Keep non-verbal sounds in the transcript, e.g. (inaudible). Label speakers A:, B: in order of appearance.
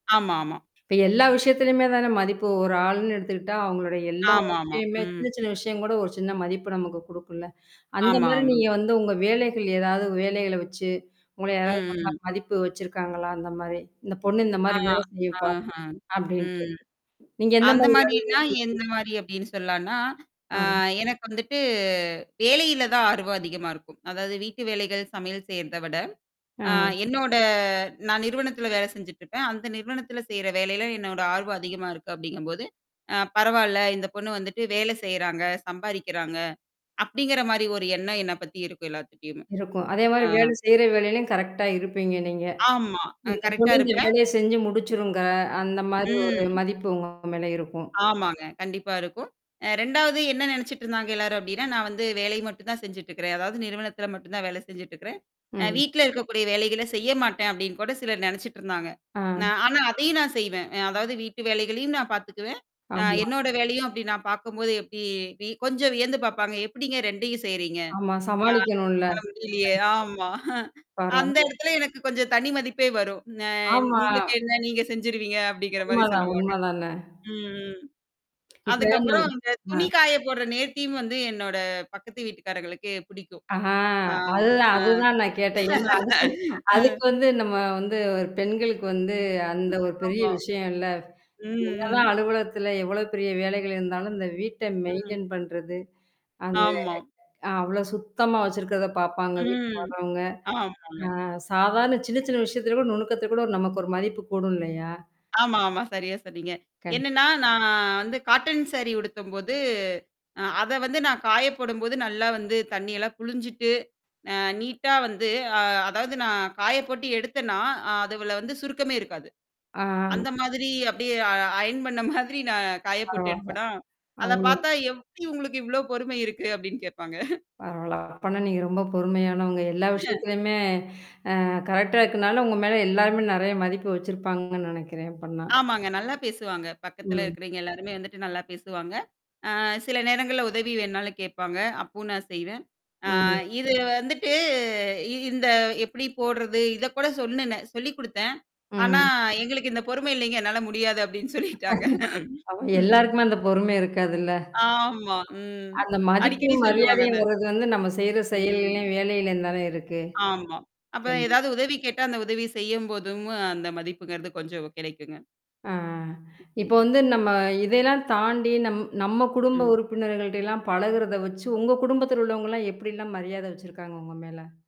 A: ஆமா, ஆமா.
B: இப்ப எல்லா விஷயத்துலயுமே தான மதிப்பு ஒரு ஆள்ன்னு எடுத்துக்கிட்டா, அவங்களுடைய எல்லா
A: ஆமாமா,
B: விஷயமே
A: ம்.
B: சின்ன சின்ன விஷயம் கூட ஒரு சின்ன மதிப்பு நமக்கு குடுக்கும்ல. அந்த
A: ஆமா,
B: மாரி
A: ஆமா.
B: நீங்க வந்து, உங்க வேலைகள் எதாவது வேலைகள வச்சி உங்கள யாராவது
A: ம்,
B: ஒண்ணா
A: ம்.
B: மதிப்பு வச்சிருக்காங்களா, அந்த மாரி, இந்த பொண்ணு, இந்த மாரி
A: ஆமா,
B: வேலை செய்யும்ப்பா,
A: ஆஹ.
B: அப்படின்ட்டு.
A: ம்.
B: நீங்க எந்த
A: அந்த
B: மாரி வேலைய
A: மாரினா,
B: செய்வீங்க?
A: எந்த மாரி அப்டின்னு சொல்லான்னா, அ
B: ஆவ்.
A: எனக்கு வந்துட்டு வேலையில தான் ஆர்வம் அதிகமா இருக்கும். அதாவது வீட்டு வேலைகள், சமையல் செய்றத விட, அ
B: அ.
A: என்னோட நான் நிறுவனத்தில வேலை செஞ்சுட்டுருப்பன். அந்த நிறுவனத்தில செய்ற வேலையில என்னோட ஆர்வம் அதிகமா இருக்கு, அப்டிங்கும்போது, அ பரவால்ல இந்த பொண்ணு வந்துட்டு வேலை செய்றாங்க, சம்பாரிக்கிறாங்க. அப்படிங்கிற மாரி ஒரு எண்ணம் என்ன பத்தி இருக்கும், எல்லாத்துட்டயுமே.
B: இருக்கும். அதே மாரி
A: ஆ.
B: வேலை செய்ற வேலையிலயும் கரெக்ட்டா இருப்பீங்க, நீங்க.
A: ஆமா. அ
B: இந்த
A: கரெக்ட்டா
B: பொண்ணு இந்த
A: இருப்பேன்.
B: வேலைய செஞ்சு முடிச்சுருங்க. அந்த மாரி ஒரு
A: ம்.
B: மதிப்பு உங்க மேல இருக்கும்.
A: ஆமாங்க. கண்டிப்பா இருக்கும். அ 2வது என்ன நெனச்சுட்டுருந்தாங்க எல்லாரும் அப்படின்னா, நான் வந்து வேலை மட்டும் தான் செஞ்சுட்டுருக்குறேன். அதாவது நிறுவனத்தில மட்டும் தான் வேலை செஞ்சுட்டுருக்குறேன். அ
B: ம்.
A: வீட்ல இருக்கக்கூடிய வேலைகள செய்ய மாட்டேன். அப்படின்னு கூட சிலர் நெனச்சுட்டுருந்தாங்க.
B: ஆம்.
A: நான் ஆனா அதையும் நான் செய்வேன். அதாவது வீட்டு வேலைகளையும் நான் பாத்துக்குவன். ஆ
B: ஆமா.
A: என்னோட வேலையும் அப்படி நான் பாக்கும்போது எப்படி வி கொஞ்சம் வியந்து பாப்பாங்க. எப்படிங்க ரெண்டையும் செய்றீங்க.
B: ஆமா.
A: ஆ.
B: சமாளிக்கணும்ல.
A: என்னால
B: (unintelligible)
A: முடியலயே. ஆமா. அஹ அந்த
B: பரவால்ல.
A: எடத்துல எனக்கு கொஞ்சம் தனி மதிப்பே வரும். அ
B: ஆமா.
A: உங்களுக்கு என்ன? நீங்க செஞ்சுருவீங்க! அப்படிங்கிற மாரி
B: உண்மதான்!
A: சொல்லுவாங்க.
B: உண்ம தானே!
A: ம், ம்.
B: இப்ப நம்
A: அதுக்கப்புறம், அந்த
B: அ.
A: துணி காய போடுற நேர்த்தியும் வந்து, என்னோட பக்கத்து வீட்டுக்காரங்களுக்கு பிடிக்கும்.
B: ஆஹ
A: ஆ,
B: அதுதான்
A: ஆ.
B: அதுதான் நான் கேட்டேன். ஏன்னா அதுக்கு
A: (laughs) ஆ.
B: அதுக்கு வந்து, நம்ம வந்து, ஒரு பெண்களுக்கு வந்து அந்த ஒரு பெரிய
A: ஆமா.
B: விஷயம் இல்ல.
A: ம், ம்.
B: என்னதான் அலுவலகத்தில எவ்வளோ பெரிய வேலைகள் இருந்தாலும் இந்த வீட்ட
A: ம்.
B: மெயின்டெயின் பண்றது. அது
A: ஆமா.
B: ஆ அவ்ளோ சுத்தமா வச்சிருக்கறத பாப்பாங்க, வீட்டுக்கு
A: ம்.
B: வர்றவங்க!
A: ஆமாங்க.
B: ஆ. சாதாரண சின்ன, சின்ன விஷயத்தில கூட, நுணுக்கத்துல கூட நமக்கு ஒரு மதிப்பு கூடும் இல்லையா?
A: ஆமா, ஆமா. சரியா சொன்னீங்க.
B: கண்
A: என்னன்னா, நான் வந்து காட்டன் சாரி உடுத்தும்போது அ அத வந்து நான் காயப்போடும்போது, நல்லா வந்து தண்ணியெல்லாம் புளிஞ்சுட்டு, அ நீட்டா வந்து அ அதாவது நான் காய போட்டு எடுத்தன்னா, அதுவுல வந்து சுருக்கமே இருக்காது.
B: ஆ.
A: அந்த மாதிரி அப்டியே அ அயர்ன் பண்ண மாதிரி நான் காய போட்டு
B: பரவால்ல.
A: எடுப்பனா! அத
B: அவுங்க
A: பாத்தா எப்டி உங்களுக்கு இவ்ளோ பொறுமை இருக்கு? அப்டின்னு கேட்பாங்க.
B: பரவால்ல. அப்பன்னா, நீங்க ரொம்ப பொறுமையானவங்க, எல்லா
A: (chuckles)
B: விஷயத்துலயுமே, அ கரெக்ட்டா இருக்கனால, உங்க மேல எல்லாருமே நெறைய மதிப்பு வச்சிருப்பாங்கன்னு நெனைக்கிறன், அப்பன்னா.
A: ஆமாங்க. நல்லா பேசுவாங்க. பக்கத்துல
B: ம்
A: இருக்கிறவய்ங்க எல்லாருமே, வந்துட்டு நல்லா பேசுவாங்க. அ சில நேரங்கள்ல உதவி வேணுாலும் கேப்பாங்க. அப்பவும் நான் செய்வேன். ஆ
B: ம்
A: இது வந்துட்டு இந்த எப்படி போடுறது? இத கூட சொல்னுனேன் சொல்லிக் குடுத்தன். ஆனா,
B: ம்.
A: எங்களுக்கு இந்த பொறுமை இல்லீங்க என்னால முடியாது அப்டின்னு சொல்லிட்டாங்க.
B: ஆமா,
A: ம்.
B: எல்லாருக்குமே அந்த பொறுமை இருக்காதுல்ல.
A: ஆமா. ம்.
B: அந்த
A: அடிக்கடி
B: மதிப்பும்,
A: சொல்லுவாங்க
B: மரியாதையும்
A: அத.
B: வர்றது வந்து, நம்ம செய்ற
A: ம்.
B: செயல்களையும் வேலையிலயும் தான இருக்கு.
A: ஆமா. அப்ப
B: கண்டிப்
A: எதாவது உதவி கேட்டா, அந்த உதவி செய்யம்போதும், அந்த மதிப்புங்கிறது கொஞ்சம் கெடைக்குங்க.
B: ஆ இப்ப
A: ம்.
B: வந்து நம்ம இதையெல்லாம் தாண்டி, நம் நம்ம குடும்ப
A: ம்.
B: உறுப்பினர்கள்ட்ட எல்லாம் பழகுறத வச்சி, உங்க குடும்பத்தில உள்ளவங்கலாம் எப்படில்லாம் மரியாத வச்சிருக்காங்க, உங்க மேல?